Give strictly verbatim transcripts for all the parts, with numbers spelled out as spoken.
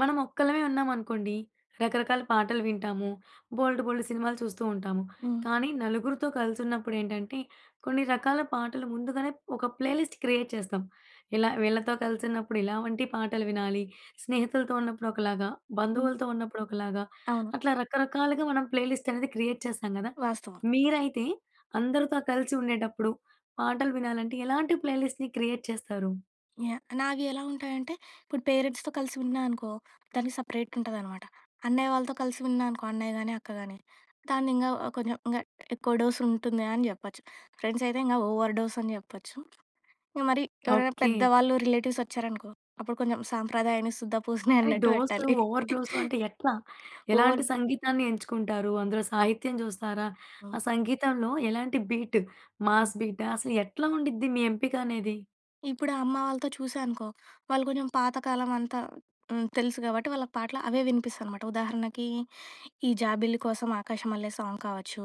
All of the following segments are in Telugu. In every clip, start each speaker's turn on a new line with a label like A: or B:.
A: మనం ఒక్కలమే ఉన్నామనుకోండి, రకరకాల పాటలు వింటాము. బోలెడు, బోలెడు సినిమాలు చూస్తూ ఉంటాము.
B: హ్మ్.
A: కానీ, నలుగురితో కలిసి ఉన్నప్పుడు ఏంటంటే కొన్ని రకాల పాటలు ముందుగానే ఒక ప్లేలిస్ట్ క్రియేట్ చేస్తాం. ఇలా వీళ్ళతో కలిసినప్పుడు ఇలా వంటి పాటలు వినాలి. స్నేహితులతో ఉన్నప్పుడు ఒకలాగా,
B: హ్మ్.
A: బంధువులతో ఉన్నప్పుడు ఒకలాగా
B: అవును.
A: అట్లా, రకరకాలుగా మనం ప్లేలిస్ట్ అనేది క్రియేట్ చేస్తాం కదా!
B: వాస్తవం.
A: మీరైతే అందరితో కలిసి ఉండేటప్పుడు, పాటలు వినాలంటే ఎలాంటి ప్లేలిస్ట్‌ని క్రియేట్ చేస్తారు?
B: యాహ్! నావి ఎలా ఉంటాయి అంటే, ఇప్పుడు పేరెంట్స్‌తో కలిసి ఉన్నానుకో దానికి సెపరేట్ ఉంటదనమాట. అన్నయ్య వాళ్ళతో కలిసి ఉన్నానుకో అన్నయ్య గాని, అక్క గానీ, దాన్ని ఇంగా కొంచెం, ఇంగా ఎక్కువ డోస్ ఉంటుంది అని జెప్పొచ్చు. ఫ్రెండ్స్ అయితే ఇంకా ఓవర్ డోస్ అని జేప్పొచ్చు. ఇక మరి ఎవరైనా
A: ఓకే.
B: పెద్దవాళ్ళు రిలేటివ్స్ వచ్చారనుకో, అప్పుడు కొంచెం సాంప్రదాయాన్ని సుద్ద పూసని
A: అది
B: అన్నట్టు
A: డోసు,
B: పెట్టాలి.
A: ఓవర్ డోసు అంటే ఎట్లా? ఎలాంటి
B: ఓవర్డ్
A: సంగీతాన్ని ఎంచుకుంటారు? అందులో సాహిత్యం చూస్తారా?
B: ఆ!
A: ఆ సంగీతంలో ఎలాంటి బీటు?
B: హ్మ్.
A: మాస్ బీటా? అసలు ఎట్లా ఉండుద్ది మీ ఎంపిక అనేది?
B: ఇప్పుడు అమ్మ వాళ్ళతో చూసానుకో, వాళ్ళు కొంచెం పాతకాలం అంతా హ్మ్. తెలుసు కాబట్టి, వాళ్ళకి పాటలు అవే వినిపిస్తాయి అనమాట. ఉదాహరణకి ఈ 'జాబిల్లి కోసం ఆకాశ మల్లె' సాంగ్ కావచ్చు,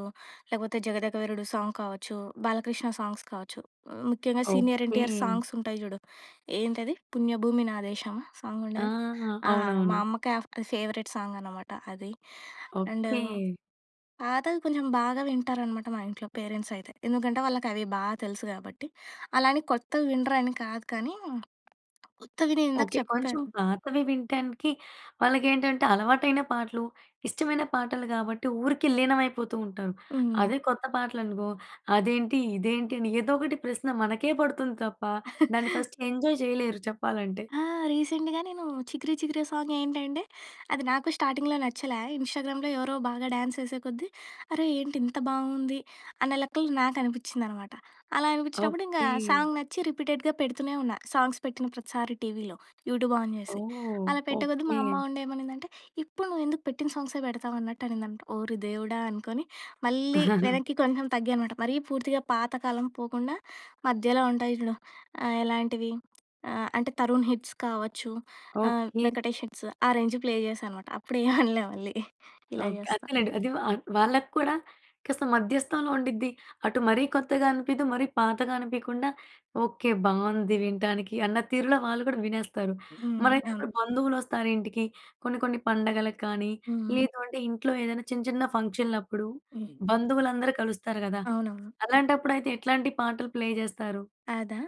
B: లేకపోతే 'జగదేక వీరుడు' సాంగ్ కావచ్చు, బాలకృష్ణ సాంగ్స్ కావచ్చు. ముఖ్యంగా సీనియర్ ఎన్‍టీఆర్
A: ఓకే.
B: సాంగ్స్ ఉంటాయి చూడు, ఏంటది? 'పుణ్యభూమి నా దేశం' సాంగ్
A: ఆ!
B: ఉండేది. ఆ! మా
A: అవునవును.
B: అమ్మకి, ఆహ్, ఫేవరెట్ సాంగ్ అనమాట అది. And
A: okay.
B: పాతవి కొంచెం బాగా వింటారనమాట, మా ఇంట్లో పేరెంట్స్ అయితే, ఎందుకంటే వాళ్ళకి అవి బాగా తెలుసు కాబట్టి. అలా అని కొత్తవి వినరు అని కాదు కానీ, ఎక్కువినేవి నేను ఇందాక
A: ఓకే. కొంచెం
B: చెప్పాను
A: పాతవి వినటానికి వాళ్ళకి ఏంటంటే అలవాటైన పాటలు, ఇష్టమైన పాటలు, గాబట్టి, ఊరికే లీనమైపోతూ ఉంటారు.
B: హ్మ్.
A: అదే కొత్త పాటలు అనుకో అదేంటి, ఇదేంటి అని ఏదో ఒకటి ప్రశ్న మనకే పడుతుంది తప్ప, దాన్ని ఫస్ట్ ఎంజాయ్ చేయలేరు చెప్పాలంటే.
B: ఆ! రీసెంట్‍గా నేను 'చికిరి, చికిరియ' సాంగ్ ఏంటంటే అది నాకు స్టార్టింగ్‌లో నచ్చలే, ఇన్‌స్టాగ్రామ్‍‌లో ఎవరో బాగా డ్యాన్స్ యేసేకొద్దీ, అరే! ఏంటి ఇంత బావుంది అనే లెక్కలో నాకు అనిపించింది అనమాట. అలా అనిపించినప్పుడు ఇంక
A: ఓకే.
B: సాంగ్ నచ్చి రిపీటెడ్‍గా పెడుతూనే ఉన్నా. సాంగ్స్ పెట్టిన ప్రతిసారి టీవీలో. యూట్యూబ్ ఆన్ చేసి.
A: ఓహ్!
B: అలా పెట్టే కొద్ది మా
A: ఓకే.
B: అమ్మ ఉండే ఏమనిందంటే! "ఏప్పుడు నువ్వు ఎందుకు పెట్టింది సాంగ్సే పెడతావు" అన్నట్టు అనిందంట? ఓరి దేవుడా! అనుకోని మళ్ళీ వెనక్కి కొంచెం తగ్గానమాట. మరీ పూర్తిగా పాతకాలం పోకుండా మధ్యలో ఉంటాయి చూడు ఆహ్, ఎలాంటివి? అంటే ఆహ్, తరుణ్ హిట్స్ కావచ్చు, ఆహ్,
A: ఓకే.
B: వెంకటేష్ హిట్స్ ఆ రేంజ్ ప్లే చేశానమాట. అప్పుడు ఏమి అనలే మళ్ళీ. ఇలా
A: ఓకే.
B: చేస్తా.
A: అంతేనండి అది వా వాళ్ళకూడా కాస్త మధ్యస్థంలో ఉండిద్ది. అటు మరీ కొత్తగా అనిపిదు, మరీ పాతగా అనిపియకుండా, ఓకే బావుంది వినటానికి, అన్న తీరులో వాళ్ళు కూడా వినేస్తారు.
B: హ్మ్.
A: మరైతే
B: అవును
A: ఇప్పుడు బంధువులొస్తారు ఇంటికి కొన్ని, కొన్ని పండగలకు కానీ,
B: హ్మ్, హ్.
A: లేదంటే ఇంట్లో ఏదైనా చిన్న, చిన్న ఫంక్షన్‍లప్పుడు
B: హ్మ్.
A: బంధువులందరూ కలుస్తారు కదా!
B: అవునవును.
A: అలాంటప్పుడు అయితే, ఎట్లాంటి పాటలు ప్లే జేస్తారు?
B: అదా!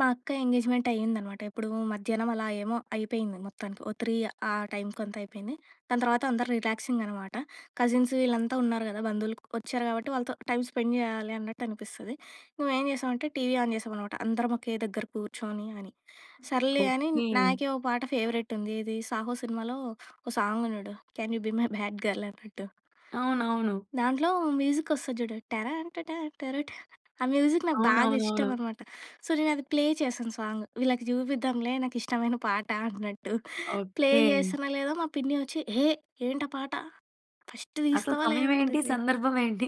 B: మా అక్క ఎంగేజ్‌మెంట్ అయిందనమాట. ఎప్పుడు మధ్యాహ్నం అలా ఏమో అయిపోయింది మొత్తానికి. ఓ త్రీ ఆ టైమ్‌కి అంతా అయిపోయింది. దాని తర్వాత అందరు రిలాక్సింగ్ అనమాట. కజిన్సు వీళ్ళంతా ఉన్నారు కదా! బంధువులు వచ్చారు కాబట్టి వాళ్ళతో టైమ్ స్పెండ్ చేయాలి అన్నట్టు అనిపిస్తది. మేము ఏం జేసామంటే టీవీ ఆన్ చేశాం అనమాట. అందరం ఒకే దగ్గర కూర్చొని అని, సర్లే అని
A: ఓకే.
B: నాకే ఒక పాట ఫేవరెట్ ఉంది ఏది? 'సాహో' సినిమాలో ఒక సాంగ్ ఉన్నాడు can you be my bad girl అన్నట్టు.
A: అవునవును.
B: దాంట్లో మ్యూజిక్ వస్తది చూడు 'టరన్ ట టర ట.' ఆ మ్యూజిక్ నాకు బాగా ఇష్టం
A: అవునవునవును.
B: అనమాట. సో, నేను అది ప్లే చేశాను సాంగ్ వీళ్ళకి చూపిద్దాంలే నాకు ఇష్టమైన పాట అన్నట్టు. Play
A: okay.
B: జేశానో లేదో మా పిన్ని వచ్చి, "హే! ఏంట పాట ఫస్ట్
A: అసలు
B: తీస్తావా
A: సమయం
B: లేదా"
A: ఏంటి?
B: అనింది.
A: సందర్భం ఏంటి?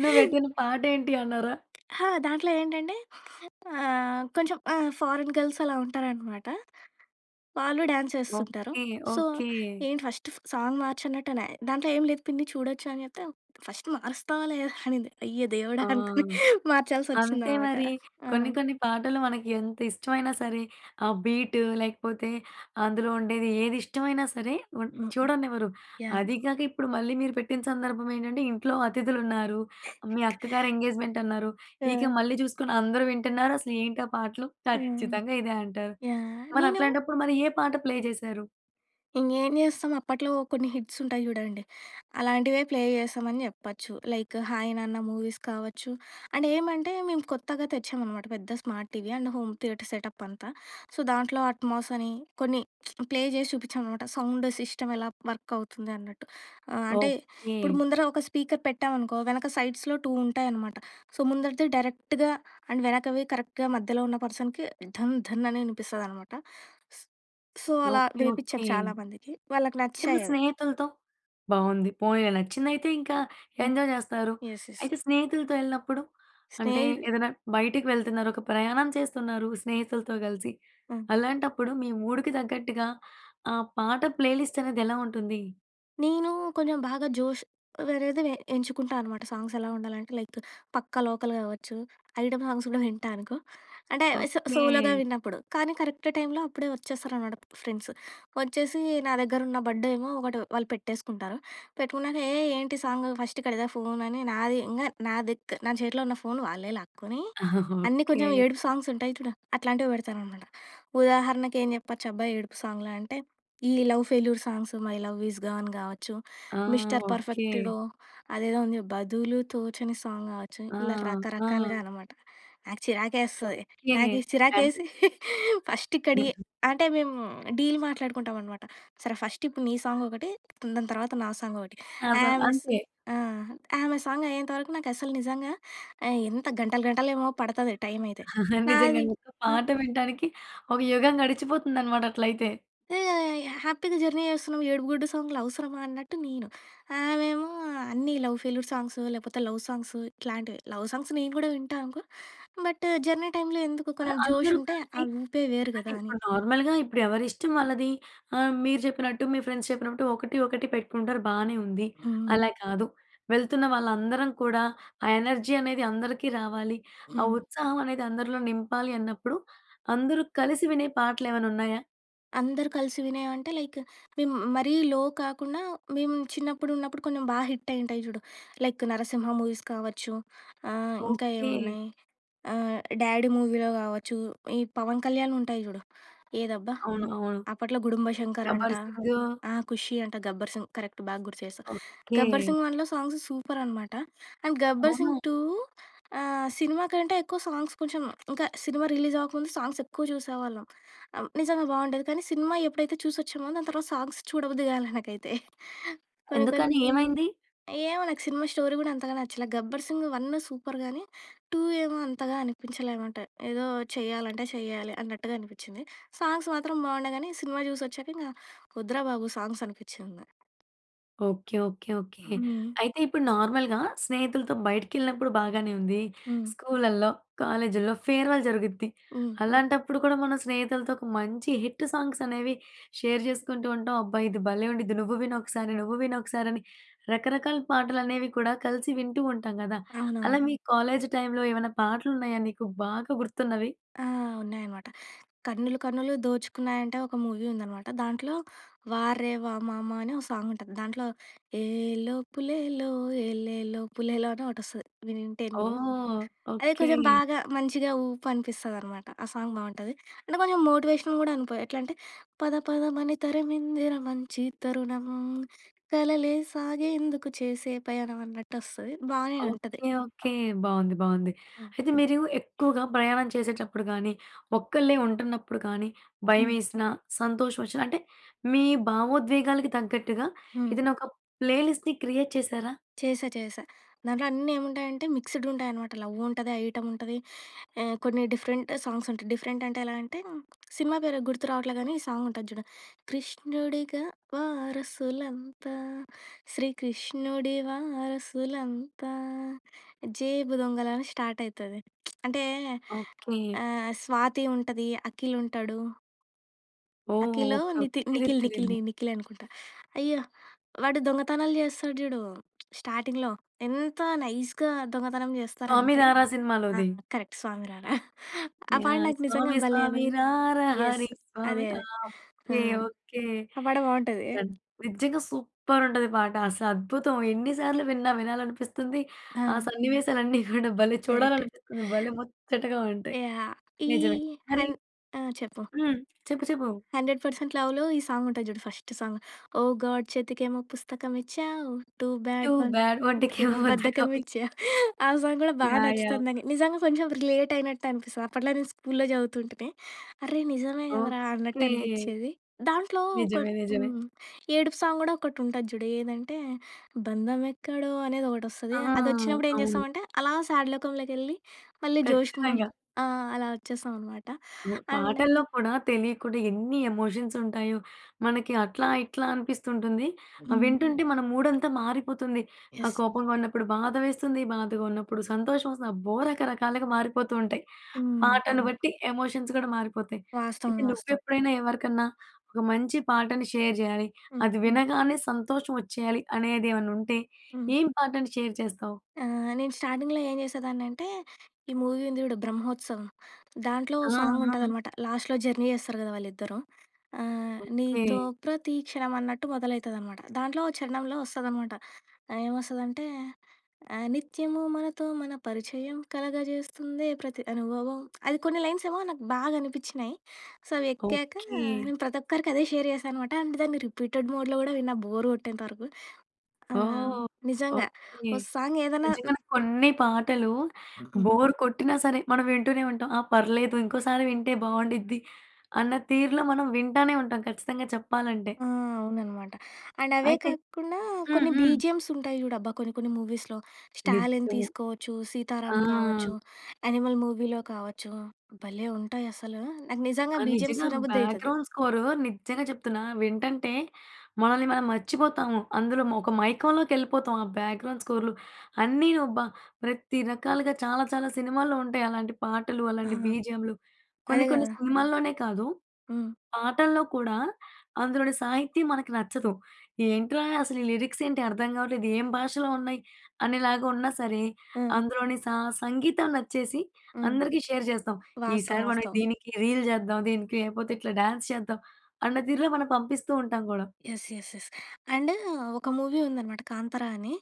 A: నువ్వు పెట్టిన పాట ఏంటి అన్నారా?
B: ఆ! దాంట్లో ఏంటంటే ఆహ్, కొంచెం ఆహ్, ఫారెన్ గర్ల్స్ అలా ఉంటారనమాట. వాళ్ళు డ్యాన్స్ యేస్తుంటారు.
A: ఓకే.
B: So,
A: okay.
B: ఏంటి ఫస్ట్ సాంగ్ మార్చనట్టు అనే. దాంట్లో ఏం లేదు పిన్ని చూడొచ్చు అని చెప్తే, "ఫస్ట్ మారుస్తావా లేదా" అనింది. అయ్య దేవుడా!
A: ఆ!
B: అనుకుని మార్చాల్సి
A: అంతే
B: వచ్చిందన్నమాట.
A: మరి.
B: ఆ!
A: కొన్ని, కొన్ని పాటలు మనకు ఎంత ఇష్టమైనా సరే, ఆ బీటు లేకపోతే, అందులో ఉండేది ఏది ఇష్టమైనా సరే వన్
B: హ్మ్.
A: చూడనివ్వరు.
B: యాహ్!
A: అది కాక ఇప్పుడు మళ్ళీ మీరు పెట్టిన సందర్భం ఏంటంటే, ఇంట్లో అతిథులు ఉన్నారు. మీ అక్కగారి ఎంగేజ్‌మెంట్ అన్నారు. ఇక
B: ఆ!
A: మళ్ళీ చూసుకొని అందరూ వింటున్నారు అసల ఏంటి ఆ పాటలు?
B: హ్మ్.
A: ఖచ్చితంగా ఇదే అంటారు.
B: యాహ్!
A: మరి
B: నేను
A: అట్లాంటప్పుడు మరి ఏ పాట ప్లే చేశారు?
B: ఇంగేం జేస్తం, అప్పట్లో కొన్ని హిట్సుంటాయి జుడాండి. అలాంటివే ప్లే జేశామని జెప్పొచ్చు. లైకు 'హాయ్ నాన్న' మూవీస్ కావచ్చు. అండేమంటే, మేము కొత్తగా తెచ్చామనమాట, పెద్ద smart TV and home theatre setup అంతా. సో, దాంట్లో అట్మాసని, కొన్ని ప్లే జేసి చూపిచ్చామనమాట, సౌండు సిస్టమెలా వర్కవుతుంది అన్నట్టు. ఆహ్, అంటే, ఇప్పుడు
A: ఓకె.
B: ముందర ఒక స్పీకర్ పెట్టామనుకో, వెనక సైడ్స్‌లో టూ ఉంటాయనమాట. సో, ముందరిది డైరెక్ట్‌గా, అండ్ వెనకవి కరెక్ట్‌గా మధ్యలో ఉన్న పర్సన్‍కి ధన్, ధన్ అని యినిపిస్తదనమాట. స్ సో, అలా
A: ఓకె.
B: వేపిచ్చాం
A: ఓకె.
B: చాలామందికి. వాళ్ళకి
A: అయితే మీ
B: నచ్చాయవి.
A: స్నేహితులతో బావుంది. పోనీలే నచ్చిందయితే ఇంకా
B: హ్మ్.
A: ఎంజాయ్ జేస్తారు.
B: యెస్. యెస్.
A: అయితే స్నేహితులతో యెళ్ళినప్పుడు, అంటే,
B: స్నేహిదు
A: ఏదన్నా బైటికి వెళ్తున్నారు, ఒక ప్రయాణం చేస్తున్నారు, స్నేహితులతో గలిసి.
B: ఆ!
A: అలాంటప్పుడు మీ మూడుకి తగ్గట్టుగా, ఆ పాట ప్లేలిస్టనేది ఎలా ఉంటుందీ?
B: నేనూ కొంజెం బాగా జోషు వేరేది వే ఎంచుకుంటా అనమాట. సాంగ్సెలా ఉండాలంటే లైకు 'పక్కా లోకల్' గావచ్చు, ఐటమ్ సాంగ్స్ గూడా వింటా అనుకో. అంటే అవే, సో సోలోగా
A: ఓకె.
B: విన్నప్పుడు. కానీ, కరెక్ట్ టైమ్‌లో అప్పుడే వచ్చేసారనమాట ఫ్రెండ్సు. వచ్చేసి, నా దెగ్గరున్న బడ్డేమో ఒకటి వాళ్ళు పెట్టేసుకుంటారు, పెట్టుకున్నాక ఏయ్! ఏంటి సాంగు? ఫస్టిక్కడిదా ఫోనని నాది ఇంగ నాదిక్ నా చేతిలో ఉన్న ఫోను వాళ్ళే లాక్కునీ, అన్నీ
A: ఓకె.
B: కొంచెం ఏడుపు సాంగ్సుంటాయి చూడ, అట్లాంటివి బెడతారనమాట. ఉదాహరణకేం జెప్పొచ్చబ్బా! ఏడుపు సాంగ్‌లా అంటే, ఈ love failure songs, 'my love is gone' గావచ్చు,
A: ఆ!
B: Mister
A: okay.
B: పర్ఫెక్ట్‌లో అదేదో ఉందిగా 'బదులు తోచని' సాంగ్ గావచ్చు,
A: ఆ!
B: ఇలా
A: ఆ!
B: రకరకాలుగా అనమాట. నాకు చిరాకేస్తది.
A: ఓకె.
B: నాకి
A: అంటే
B: చిరాకేసి, ఫస్టిక్కడియి
A: హుహు.
B: అంటే, మేము డీల్ మాట్లాడుకుంటాం అనమాట. సరే, ఫస్టిప్పుడు నీ సాంగొకటి, హ్మ్, దాని తర్వాత నా సాంగొకటి.
A: అస
B: ఆమె సు
A: అంతే.
B: ఆ! అంతే. ఆమె సాంగయ్యేంతవరకు నాకస్సలు నిజంగా ఆహ్, ఎంత గంటలు గంటలేమో పడతది, టైం అయితే.
A: నిజంగా
B: నాది
A: మీకు
B: ఆ!
A: పాట
B: హ్మ్.
A: వింటానికి, ఒక యుగం గడిచిపోతుందన్నమాట అట్లయితే.
B: యోహ్! యోహ్! యోహ్! హ్యాపీ‌గా జర్నీ జేస్తున్నాం. ఏడుపు గుడ్డు సాంగ్‌లు అవసరమా అన్నట్టు నేను. ఆమెమో అన్ని లవ్ ఫెయిల్యూర్ సాంగ్సు, లేపోతే లవ్ సాంగ్సు ఇట్లాంటివి. లవ్ సాంగ్స్ నేను గూడా వింటా అనుకో, బట్టు జర్నీ టైమ్‌లో ఎందుకు?
A: మరి
B: కొంచెం
A: అందరూ
B: జోషుంటే
A: కలిసి
B: ఆ ఊపే వేరు
A: అంటే,
B: గదా అని.
A: ఇప్పుడు నార్మల్‍గా ఇప్పుడు ఎవరిష్టం వాళ్ళది. ఆహ్, మీరు చెప్పినట్టు, మీ ఫ్రెండ్స్ చెప్పినట్టు, ఒకటి, ఒకటి పెట్టుకుంటారు బానే ఉంది.
B: హ్మ్.
A: అలా కాదు, వెళ్తున్న వాళ్ళందరం కూడా, ఆ ఎనర్జీ అనేది అందరికీ రావాలి, ఆ
B: హ్మ్.
A: ఉత్సాహం అనేది అందరిలో నింపాలి అన్నప్పుడు, అందరూ కలిసి వినే పాటలేమన్నున్నయా?
B: అందరూ కలిసి వినేవంటే లైకు, మేము మరీ లో కాకుండా, మేము చిన్నప్పుడు ఉన్నప్పుడు కొంచెం బా హిట్ అయ్యి ఉంటాయి చూడు. లైక్, 'నరసింహ' మూవీస్ కావచ్చు. ఆహ్, ఇంకా
A: ఓకే.
B: ఏమున్నాయి? ఆహ్, 'డాడీ' మూవీలో కావచ్చు. ఈ పవన్ కళ్యాణ్‌వి ఉంటాయి చూడు. ఏదబ్బా!
A: అవును, అవును.
B: అప్పట్లో 'గుడుంబా శంకర్' అంట.
A: 'గబ్బర్ సింగూ'.
B: ఆహ్, 'ఖుషి' అంట, 'గబ్బర్ సింగ్' కరెక్ట్ బాగా గుర్తు చేసావ్. 'Gabbar
A: okay.
B: Singh 1' songs super అనమాట. అండ్ 'గబ్బర్ సింగ్
A: అవునా!
B: 2' ఆహ్, సినిమా కంటే ఎక్కువ సాంగ్స్ కొంచెం ఇంకా సినిమా రిలీజ్ అవ్వక ముందు సాంగ్స్ ఎక్కువ చూసేవాళ్ళం. ఆహ్, నిజంగా బాగుండేది. కానీ సినిమా ఎప్పుడైతే చూసొచ్చామో, దాని తర్వాత సాంగ్స్ చూడబుద్ది కాలే నాకైతే. కొన్ని, కొన్ని
A: ఎందుకని? ఏమైంది?
B: ఏమో నాకు సినిమా స్టోరీ కూడా అంతగా నచ్చల. 'గబ్బర్ సింగ్ 1' సూపర్ గాని. టూ ఏమో అంతగా అనిపించలే అనమాట. ఏదో చేయాలంటే చేయాలి అన్నట్టుగా అనిపించింది. సాంగ్స్ మాత్రం బాగుండే గాని, సినిమా చూసి వచ్చాక ఇంకా వద్దురా బాబు సాంగ్స్ అనిపిచ్చింది.
A: Okay, okay, okay.
B: హ్మ్.
A: అయితే ఇప్పుడు నార్మల్‍గా స్నేహితులతో బయటికేళ్ళినప్పుడు బాగానే ఉంది.
B: హ్మ్.
A: స్కూల్‌లల్లో, కాలేజీల్లో ఫేర్‌వెల్ జరుగుద్ది.
B: హ్మ్.
A: అలాంటప్పుడు కూడా, మనం స్నేహితులతో ఒక మంచి హిట్టు సాంగ్స్ అనేవి షేర్ చేసుకుంటూ ఉంటాం. అబ్బా! ఇది భలే! ఉండిద్ది నువ్వు విను ఒకసారి, నువ్వు విను ఒకసారి, అని రకరకాల పాటలు అనేవి కూడా కలిసి వింటూ ఉంటాం కదా! అలా
B: అవునవును.
A: మీ కాలేజ్ టైమ్‌లో ఏమన్నా పాటలు ఉన్నాయా నీకు బాగా గుర్తున్నవి?
B: ఆ! ఉన్నాయన్నమాట. 'కన్నులు కన్నులు దోచుకున్నాయంటే' ఒక మూవీ ఉందనమాట. దాంట్లో 'వారేవా మామ' అని ఒక సాంగ్ ఉంటుంది. దాంట్లో ఏలో పులేలో ఎలేలో పులేలో అని ఒకటి వస్తది. వినుంటే నువ్వు.
A: ఓహ్!
B: అదే
A: ఓకే.
B: కొంచెం బాగా మంచిగా ఊపు అనిపిస్తది అనమాట. ఆ సాంగ్ బాగుంటది. అంటే కొంచెం మోటివేషన్ కూడా అనుకో, ఎట్లంటే పద పదమని తరమిందిర మంచి తరుణం, కలలే సాగేందుకు చేసే పయణం అన్నట్టు వస్తది. బానే ఉంటది.
A: Okay, okay. బాగుంది. బాగుంది.
B: యాహ్!
A: అయితే మీరు ఎక్కువగా ప్రయాణం చేసేటప్పుడు గాని, ఒక్కళ్ళే ఉంటున్నప్పుడు కానీ,
B: హ్మ్.
A: భయవేసిన, సంతోషం వచ్చిన అంటే, మీ భావోద్వేగాలకు తగ్గట్టుగా
B: హ్మ్.
A: ఏదైనా ఒక ప్లేలిస్ట్‌ని క్రియేట్ చేసారా?
B: చేశా, చేశా. దాంట్లో అన్నీ ఏముంటాయంటే మిక్స్డ్ ఉంటాయన్నమాట. లవ్ ఉంటది. ఐటం ఉంటది. ఆహ్, కొన్ని డిఫరెంట్ సాంగ్స్ ఉంటాయి. డిఫరెంట్ అంటే, ఎలా అంటే, సినిమా పేరు గుర్తు రావట్లేదు కానీ, ఈ సాంగ్ ఉంటుంది చూడు. కృష్ణుడిగా వారసులంతా, శ్రీకృష్ణుడి వారసులంతా జేబు దొంగలని స్టార్ట్ అయితది. అంటే
A: ఓకే.
B: ఆహ్, స్వాతి ఉంటది. అఖిల్ ఉంటాడు.
A: ఓహ్!
B: అఖిలో,
A: ఓకే.
B: నితి
A: ఓకే. తెలీదు.
B: నిఖిల్, నిఖిల్
A: తెలీదు.
B: ని నిఖిలే అనుకుంటా. అయ్యా! వాడు దొంగతనాలు చేస్తాడు జూడు స్టార్టింగ్‌లో. ఎంత నైస్‌గా దొంగతనం
A: 'స్వామి
B: చేస్తారంటే
A: రారా'
B: ఆ!
A: సినిమాలోది.
B: కరక్ట్. 'స్వామి రారా'. ఆ పాట
A: యాహ్!
B: నాకు నిజంగా
A: స్వామి
B: భలే న
A: స్వామి రారా
B: యెస్.
A: హరి, స్వామి
B: అదే.
A: ఆ!
B: అదే. ఆ!
A: ఓకే. ఓకే.
B: ఆ పాట బావుంటదే.
A: దన్ నిజ్జంగ సూప్పరుంటది పాట. అసద్భుతం. ఎన్ని సార్లు విన్నా వినాలనిపిస్తుంది, ఆ
B: ఆ!
A: సన్నివేశాలన్నీ కూడా భలే
B: కరెక్ట్.
A: చూడాలనిపిస్తుంది. భలే ముచ్చటగా ఉంటాయి.
B: యాహ్! ఈ
A: నిజమే. మరి
B: హన్ ఆ! చెప్పు.
A: హ్మ్. చెప్పు, చెప్పు.
B: 'హండ్రెడ్ పర్సెంట్ లవ్‌'లో ఈ సాంగుంటది చూడు ఫస్ట్ సాంగ్. ఓ గాడ్ చేతికేమో పుస్తకమిచ్చావు, టూ
A: టూ
B: బ్యాడ్
A: బాడ్
B: ఒంటికేమో
A: ఒంటికేమో
B: బద్ధకమిచ్చా.
A: బద్దకమిచ్చావ్
B: ఆ సాంగ్ గూడా బా
A: యాహ్! యాహ్!
B: నచ్చుతది నాకు. నిజంగా కొంచెం రిలేటయినట్టనిపిస్తది. అప్పట్లో నేను స్కూల్‌లో చదువుతుంటిని. "అర్రె! నిజమే గదరా" అన్నట్టు
A: ఓకే.
B: అనిపిచ్చేది. దాంట్లో కొన్
A: నిజమే. నిజమే.
B: హ్మ్. ఏడుపు సాంగ్ గూడా ఒకటుంటది జూడు. ఏదంటే, బంధమెక్కడో
A: ఆ!
B: అనేదొకటొస్తది. అదొచ్చినప్పుడేం
A: అవును.
B: చేస్తామంటే, అలా సాడ్ లోకంలోకెళ్ళి, మళ్ళీ జోష్‌కు మల్
A: ఖచ్చితంగా.
B: ఆహ్, అలా ఒచ్చేస్తామనమాట.
A: ఒ
B: అండ్
A: పాటల్లో కూడా తెలియకుండా ఎన్ని ఎమోషన్సుంటాయో. మనకి అట్లా ఇట్లా అనిపిస్తుంటుంది.
B: హ్మ్.
A: అవింటుంటే, మన మూడంతా మారిపోతుంది. ఆహ్,
B: యెస్.
A: కోపంగా ఉన్నప్పుడు బాధ వేస్తుంది, బాధగా ఉన్నప్పుడు సంతోషవొస్తుంది. అబ్బో! రకరకాలుగా మారిపోతూ ఉంటాయి.
B: హ్మ్.
A: పాటను
B: అవును.
A: బట్టి, ఎమోషన్స్ గూడా మారిపోతాయి.
B: వాస్తవం.
A: అయితే,
B: వాస్తవం.
A: నువ్వెప్పుడైనా, ఎవరికన్నా ఒక మంచి పాటని షేర్ జెయ్యాలి,
B: హ్మ్.
A: అది వినగానే సంతోషవొచ్చేయాలి అనేది ఏవన్నుంటే.
B: హ్మ్.
A: ఏం పాటని షేర్ చేస్తావు?
B: ఆహ్, నేను స్టార్టింగ్‌లో ఏం చేసేదాన్నంటే, ఈ మూవీ ఉంది చూడు 'బ్రహ్మొత్సవం'. దాంట్లో ఓ
A: ఆ! ఆ!
B: సాంగుంటదనమాట. లాస్ట్‌లో జర్నీ చేస్తారు గదా వాళ్ళిద్దరూ. ఆహ్,
A: ఓకే!
B: నీతో ప్రతి క్షణం అన్నట్టు మొదలైతదనమాట. దాంట్లో చరణంలో వస్తుందనమాట. ఆహ్, ఏమొస్తుందంటే, ఆహ్, నిత్యము మనతో మన పరిచయం, కలగ చేస్తుందే ప్రతి అనుభవం. అది కొన్ని లైన్సేమో నాకు బాగా అనిపిచ్చినయి. So, అవెక్కాకా,
A: okay!
B: నేను ప్రతొక్కరికి అదే షేర్ చేశా అనమాట. అండ్ దాన్ని రిపీటెడ్ మోడ్‍లో గూడా విన్నా బోరు గొట్టేంతవరకు. ఆ!
A: ఓహ్!
B: నిజంగా.
A: ఓకే.
B: ఓ సాంగ్ ఏదన్నా
A: నిజంగానే కొన్ని పాటలు
B: హుహు.
A: బోర్ కొట్టినా సరే, మనవింటూనే ఉంటాం. ఆ! పర్లేదు ఇంకోసారి వింటే బావుండిద్ది అన్న తీరులో మనం వింటానే ఉంటాం ఖచ్చితంగా చెప్పాలంటే.
B: ఆ! అవుననమాట. అండ్ అవే
A: అయితే
B: కాకుండా,
A: హ్మ్.
B: కొన్ని
A: హ్మ్.
B: బీజీఎమ్సుంటాయి చూడబ్బా కొన్ని కొన్ని మూవీస్‍లో. 'స్టాలిన్'
A: నిజ్జం.
B: తీసుకోవచ్చు, 'సీతారామ్'
A: ఆ!
B: కావచ్చు, 'యానిమల్' మూవీలో కావచ్చు, భలే ఉంటాయసలూ. నాకు
A: ఆ!
B: నిజంగా బీజీఎమ్స్
A: నిజంగా.
B: వినబుద్ధయితది.
A: బ్యాక్‍గ్రౌండ్ స్కోరు నిజ్జంగ చెప్తున్నా. వింటంటే, మనల్ని మనం మర్చిపోతాము. అందులోమొక మైకంలోకెళ్ళిపోతాము, ఆ బ్యాక్‌గ్రౌండ్ స్కోర్లు అన్నీ అబ్బా! ప్రతి రకాలుగా చాలా చాలా సినిమాల్లో ఉంటాయి అలాంటి పాటలు,
B: ఆ!
A: అలాంటి బీజీఎమ్‌లు.
B: అదే
A: కొన్ని కొన్ని
B: గదా!
A: సినిమాల్లోనే కాదు,
B: హ్మ్.
A: పాటల్లో కూడా అందులోని సాహిత్యం మనకి నచ్చదు. "ఏంట్రా అసలీ లిరిక్సేంటి అర్థం గావట్లేదు, ఏం భాషలో ఉన్నాయి" అనేలాగా ఉన్నా సరే,
B: ఆ!
A: అందులోని సా సంగీతం నచ్చేసి,
B: హ్మ్.
A: అందరికీ షేర్ చేస్తాం.
B: వాస్తవం.
A: ఈసారి మనం
B: వాస్తవం.
A: దీనికి రీల్ జేద్దాం, దీనికి లేపోతే ఇట్లా డ్యాన్స్ చేద్దాం అన్న తీరులో మనం పంపిస్తూ ఉంటాం గూడా.
B: యస్. యస్. యస్. అండ్, ఒక మూవీ ఉందనమాట 'కాంతరా' అనీ.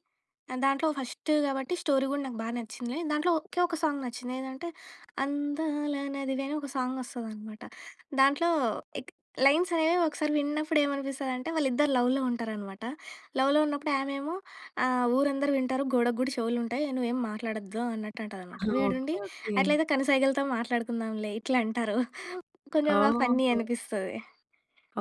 B: ఆ! దాంట్లో ఫస్ట్ గాబట్టి, స్టోరీ గూడా నాకు బా నచ్చింది. నేను దాంట్లో, ఒకే ఒక సాంగ్ నచ్చింది. ఏదంటే, అందాల నదివే అని ఒక సాంగొస్తదనమాట. దాంట్లో ఎక్ లైన్సనేవి ఒకసారి విన్నప్పుడేమనిపిస్తదంటే, వాళ్ళిద్దరు లవ్‌లో ఉంటారనమాట. లవ్‌లో ఉన్నప్పుడు ఆమేమో, ఆహ్, "ఊరందరు వింటారు, గోడకు గూడ చెవులుంటాయి. నువ్వేం మాట్లాడొద్దు" అన్నట్టు
A: ఆ!
B: అంటదనమాట. వీడుండి
A: ఓకే. ఓకే.
B: "అట్లైతే కనుసైగలతో మాట్లాడుకుందాంలే" ఇట్లంటరు. కొంచెం ఆహ్, ఫన్నీ
A: ఓహ్!
B: అనిపిస్తది.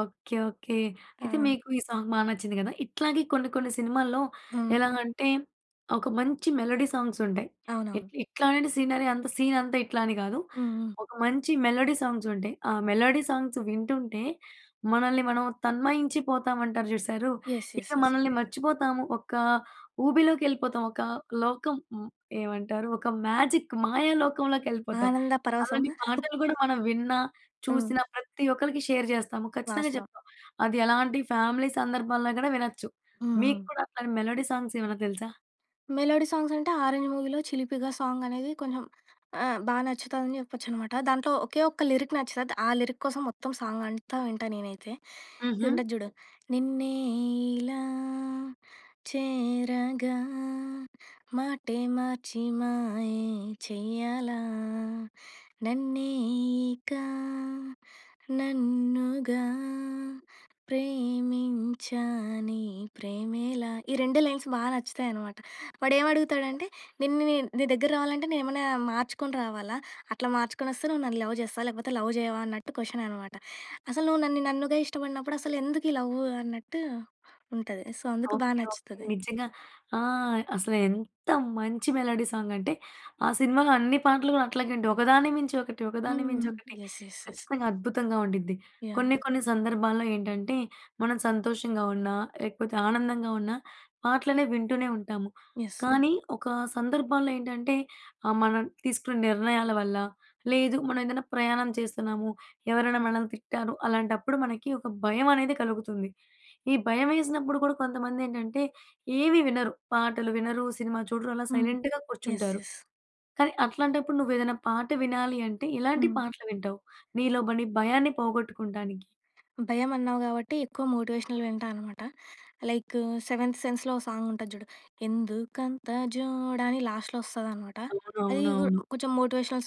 A: ఓకే. ఓకే. అయితే,
B: ఆ!
A: మీకు ఈ సాంగ్ బా నచ్చింది గదా! ఇట్లాగే కొన్ని కొన్ని సినిమాల్లో
B: హ్మ్.
A: ఎలాగంటే, ఒక మంచి మెలోడీ సాంగ్సుంటాయి.
B: అవునవును.
A: ఇట్ ఇట్లాంటి సీనరీ, అంత సీనంతా ఇట్లా అని గాదు.
B: హ్మ్. హ్మ్.
A: ఒక మంచి మెలోడీ సాంగ్సుంటాయి. ఆ మెలోడీ సాంగ్స్ వింటుంటే, మనల్ని మనం తన్మయించిపోతామంటారు చూశారూ?
B: యెస్.
A: ఇక
B: యెస్. యెస్.
A: మనల్ని మర్చిపోతాము. ఒకా ఊబిలోకెళ్ళిపోతాం. ఒకా లోకం మ్ ఏమంటారు? ఒక మ్యాజిక్, మాయా లోకంలోకెళ్ళిపోతాం.
B: ఆనంద
A: అలాంటి
B: పరవశమా?
A: పాటలు గూడా మనం విన్నా,
B: హ్మ్.
A: చూసినా, ప్రతి ఒక్కళకి షేర్ జేస్తాము. ఖచ్చితంగా
B: వాస్తవం.
A: చెప్తాం. అది ఎలాంటి ఫ్యామిలీ సందర్భాల్లో గూడా వినచ్చు.
B: హ్మ్.
A: మీకు
B: హ్మ్.
A: కూడా అట్లాంటి మెలోడీ సాంగ్సేమన్నా తెలుసా?
B: మెలోడీ సాంగ్స్ అంటే 'ఆరెంజ్ 'మూవీలో 'చిలిపిగా' సాంగ్ అనేది కొంచెం ఆ! బాగా నచ్చుతుందని చెప్పొచ్చన్నమాట. దాంట్లో ఒకే ఒక్క లిరిక్ నచ్చుతుంది. ఆ లిరిక్ కోసం మొత్తం సాంగ్ అంతా వింటా నేనైతే. ఇది
A: హుహు.
B: ఉంటది చూడు. నిన్నే ఇలా చేరగా మాటే మార్చి మాయే చెయ్యాలా. నన్నే ఇక నన్నుగా ప్రేమించానే ప్రేమేలా. ఈ రెండే లైన్స్ బాగా నచ్చుతాయి అన్నమాట. వాడు ఏమి అడుగుతాడంటే. నిన్ను నేను నీ దగ్గరకి రావాలంటే నేనేమన్నా మార్చుకొని రావాలా? అట్లా మార్చుకొని వస్తే నువ్వు నన్ను లవ్ చేస్తావా? లేకపోతే లవ్ చేయవా? అన్నట్టు క్వశ్చన్ అన్నమాట. అసలు నువ్వు నన్ను నన్నుగా ఇష్టపడినప్పుడు అసలు ఎందుకు ఈ లవ్ అన్నట్టు ఉంటది. సో అందుకు బాగా
A: ఓకే. ఓకే.
B: నచ్చుతది.
A: నిజంగా. ఆ! అసలు ఎంత మంచి మెలోడీ సాంగ్ అంటే, ఆ సినిమాలో అన్ని పాటలు కూడా అట్లాగే ఉంటాయి. ఒకదాన్ని మించి ఒకటి, ఒకదాన్ని మించి
B: హ్మ్.
A: ఒకటి
B: యస్. యస్. యస్.
A: ఖచ్చితంగా అద్భుతంగా ఉండిద్ది.
B: యాహ్!
A: కొన్ని, కొన్ని సందర్భాల్లో ఏంటంటే మనం సంతోషంగా ఉన్నా, లేకపోతే ఆనందంగా ఉన్నా పాటలనే వింటూనే ఉంటాము.
B: యస్.
A: కానీ ఒక సందర్భంలో ఏంటంటే ఆ! మనం తీసుకున్న నిర్ణయాల వల్ల, లేదు మనం ఏదైనా ప్రయాణం చేస్తున్నాము. ఎవరైనా మనల్ని తిట్టారు. అలాంటప్పుడు మనకి ఒక భయం అనేది కలుగుతుంది. ఈ భయం వేసినప్పుడు కూడా కొంతమంది ఏంటంటే ఏమి వినరు. పాటలు వినరు, సినిమా చూడరు అలా
B: హ్మ్.
A: సైలెంట్‌గా
B: యస్.
A: కూర్చుంటారు.
B: యస్.
A: కానీ అట్లాంటప్పుడు నువ్వు ఏదైనా పాట వినాలి అంటే, ఎలాంటి
B: హ్మ్.
A: పాటలు వింటావు?
B: హ్మ్.
A: నీలోబడి భయాన్ని పోగొట్టుకుంటానికి.
B: భయం అన్నావు కాబట్టి ఎక్కువ మోటివేషనల్ వింటా అన్నమాట. లైకు 'సెవెంత్ సెన్స్‌లో' ఓహ్! సాంగ్ ఉంటది చూడు. 'ఎందుకంత జోడా' అని లాస్ట్‌లో వస్తది అన్న మాట. అది కూ
A: అవునవునవును.
B: హ్మ్. కొంచెం మోటివేషనల్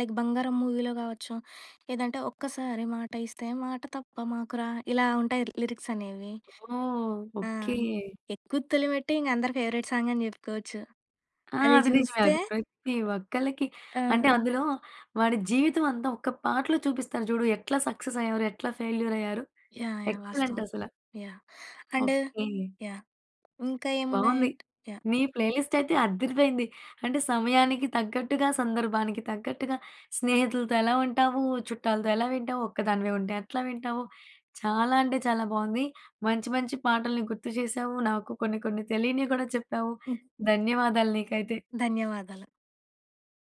B: లైక్ 'బంగారం' మూవీలో కావచ్చు. లేదంటే ఒక్కసారి మాట ఇస్తే మాట తప్ప మాకురా! ఇలా ఉంటాయి లిరిక్స్ అనేవి.
A: ఓహ్!
B: ఆ!
A: ఓకే.
B: 'ఎక్కు తొలిమెట్టు' ఇంక అందరి ఫేవరైట్ సాంగ్ అని చెప్పుకోవచ్చు.
A: ఆ!
B: అది
A: అది నిజమే.
B: చూస్తే
A: అది ప్రతి ఒక్కళ్ళకి
B: ఆ!
A: అంటే అందులో వాడి జీవితం అంతా ఒక పాటలో చూపిస్తారు చూడు. ఎట్లా సక్సెస్ అయ్యారు. ఎట్లా ఫెయిల్యూర్ అయ్యారు.
B: యాహ్! యాహ్!
A: ఎక్సలెంట్
B: వాస్తవం.
A: అసల.
B: యాహ్! And
A: okay.
B: యాహ్! ఇంకా ఏమున్నాయి
A: బావుంది.
B: యాహ్!
A: మీ
B: హ్మ్.
A: ప్లేలిస్ట్ అయితే అద్దిరిపోయింది. అంటే సమయానికి తగ్గట్టుగా, సందర్భానికి తగ్గట్టుగా స్నేహితులతో ఎలా ఉంటావు? చుట్టాలతో ఎలా వింటావు? ఒక్కదానివే ఉంటే ఎట్లా వింటావు? చాలా అంటే చాలా బావుంది. మంచి మంచి పాటల్ని గుర్తు చేసావు. నాకు కొన్ని, కొన్ని తెలియనివి కూడా చెప్పావు.
B: హ్మ్.
A: ధన్యవాదాలు నీకైతే.
B: ధన్యవాదాలు.